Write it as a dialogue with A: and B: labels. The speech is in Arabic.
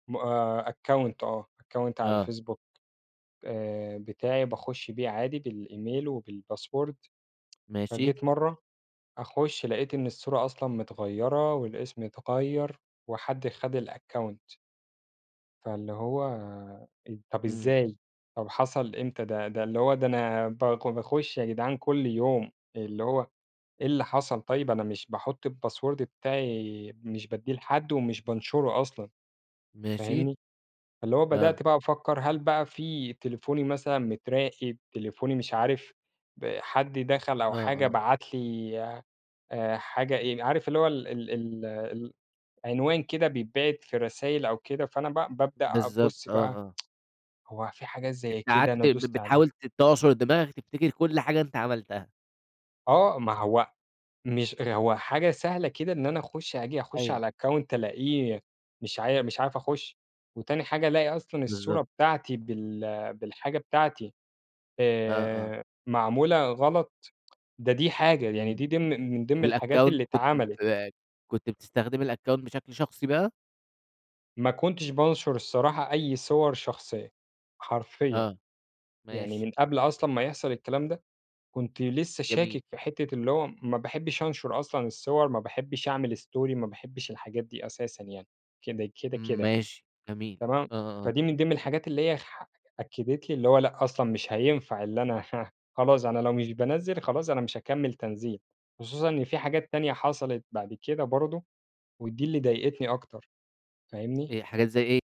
A: م account آه account على
B: آه.
A: الفيسبوك، آآ، بتاعي باخُش بيه عادي بالemail وبالpassword،
B: ماشي.
A: فجيت مرَّة أخُش لقيت إن الصورة أصلًا متغيِّرة والاسم اتغيَّر وحد خد الaccount. فاللي هو طَب
B: إمم.
A: إزاي؟ طَب حصل إمتى ده؟ ده اللي هو، ده أنا ب باخُش يا جدعان كل يوم، اللي هو إيه اللي حصَل؟ طيِّب أنا مش باحُط الpassword بتاعي مش بادّيه لحد ومش بانشُره أصلًا،
B: ماشي.
A: فاهمني؟ اللي هو
B: آه.
A: بدأت بقى أفكَّر، هل بقى في تليفوني مثلًا متراقَب؟ تليفوني مش عارِف، حد دخَل أو
B: آه،
A: حاجة
B: آه.
A: بعَت لي، آآ، حاجة إيه، عارِف اللي هو ال ال ال ال العنوان كده بيتبعَت في رسايل أو كده، فأنا ب بابدأ
B: بالضبط،
A: أبُصّ
B: آه
A: بقى،
B: آه.
A: هو في حاجات
B: أنتَ
A: زي كده أنا
B: قعدت ب
A: دُست علي
B: بتحاول ت تعصر دماغك، تفتكِر كل حاجة أنتَ عملتها.
A: آه، ما هو مش هو حاجة سهلة كده، إن أنا أخُش آجي أخُش
B: أيوه.
A: على الaccount ألاقيه مش ع مش عارف أخُش، وتاني حاجة ألاقي أصلًا الصورة
B: بالضبط.
A: بتاعتي بال بالحاجة بتاعتي
B: آه آه.
A: آآ معمولة غلَط، ده دي حاجة، يعني
B: إمم،
A: دي ضمن من ضمن الحاجات
B: والaccount
A: اللي
B: كنت
A: اتعملِت.
B: ب كنت بتستخدم الaccount بشكل شخصي بقى؟
A: ما كنتش بانشُر الصراحة أي صور شخصية، حرفيًا،
B: آه،
A: يعني
B: ماشي.
A: من قبل أصلًا ما يحصَل الكلام ده، كنت لسَّه
B: جميل.
A: شاكك في حتّة اللي هو ما باحبِّش أنشُر أصلًا الصور، ما باحبِّش أعمل story، ما باحبِّش الحاجات دي أساسًا يعني كده كده كده.
B: ماشي، جميل،
A: تمام،
B: آه آه آه.
A: فدي من ضمن الحاجات اللي هي ح أكَّدت لي اللي هو لأ، أصلًا مش هينفَع إن أنا ه خلاص، أنا لو مش بانزِل خلاص أنا مش هاكمّل تنزيل، خصوصًا إن في حاجات تانية حصلت بعد كده برضه، ودي اللي ضايقتني أكتر، فاهمني؟
B: إيه، حاجات زي إيه؟